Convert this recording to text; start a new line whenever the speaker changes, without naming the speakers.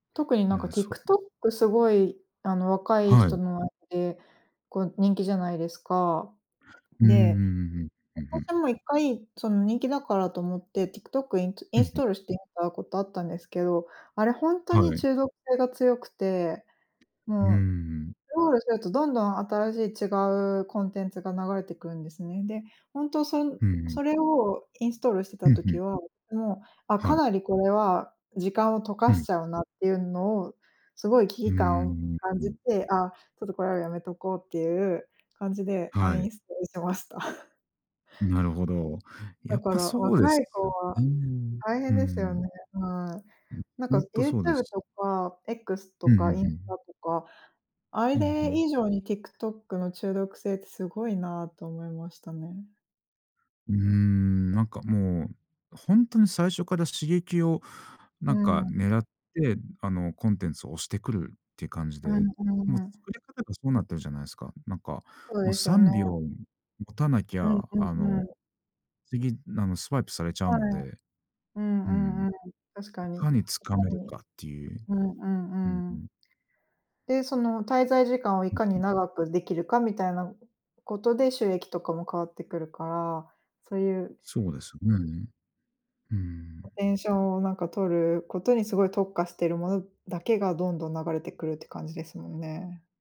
特に、
い
なん
や、
か、
そう。
TikTok すごい、あの、若い
は
人
い。
の間で、こう、人気じゃないですか。
うーん、うん
で、
うんうん、うんうん。
私も1回、その、人気だからと思って、TikTok イントゥイ
う
ン
ん、
ス
ふん。
トールしてみたことあったんですけど、あれほんとに
はい。
中毒性が強くて、
うーん、う
もう
ん。
スクロールするとどんどん新しい違うコンテンツが流れてくるんですね。で、本当そん
うんうん。
それをインストールして
ふ
た
んふ
時
ん。
は、もう、あ、
は
か
い。
なりこれは時間を溶
う
かし
ん。
ちゃうなっていうのを、すごい危
うー
機
ん、う
感を
ん
感
う
じ
ん。
て、あ、ちょっとこれはやめとこうっていう感じでア
は
ンイン
い。
ストールしました。
なるほど。
だ
やっ
か
ぱ
ら
そうで
若
す
い子
よ
は
ね。
大
う
変
ー
ですよ
ん。
ね、はい。
うん、
なんか、
ほんとそうで
YouTube
す。
とか、X と
うん、ふ
か、
ん
イン
ふ
ス
ん。
タとか、あ
うん、ふ
れ
ん。
以上に TikTok の中毒性ってすごいなと思いましたね。
うーん、なんか、もう、ほんとに最初から刺激を、な
うー
んか、
ん。
狙って、あの、コンテンツを推してくるって感じ
うん、
で。
う
もう
ーん。
作り方がそうなってるじゃないすか。なんか、
そう
も、
ですよ
さ
ね。
んびょう持たなき
う
ゃ、
んう
あ
んう
の、
ん。
次、あの、スワイプされちゃう
はい。
ので。
うん
うん、
うんうん、確
い
かに。いか
かに掴める
に
かっていう。
うんう
うん
んう
う
ん。
ん。
で、その滞在時間をい
うん
かに
うん。
長くできるかみたいなことで収益とかも変わってくるから、そういう
そうですね。うー
ア
ん。
テンションをなんか取ることにすごい特化してるものだけが、どんどん流れてくるって感じですもんね。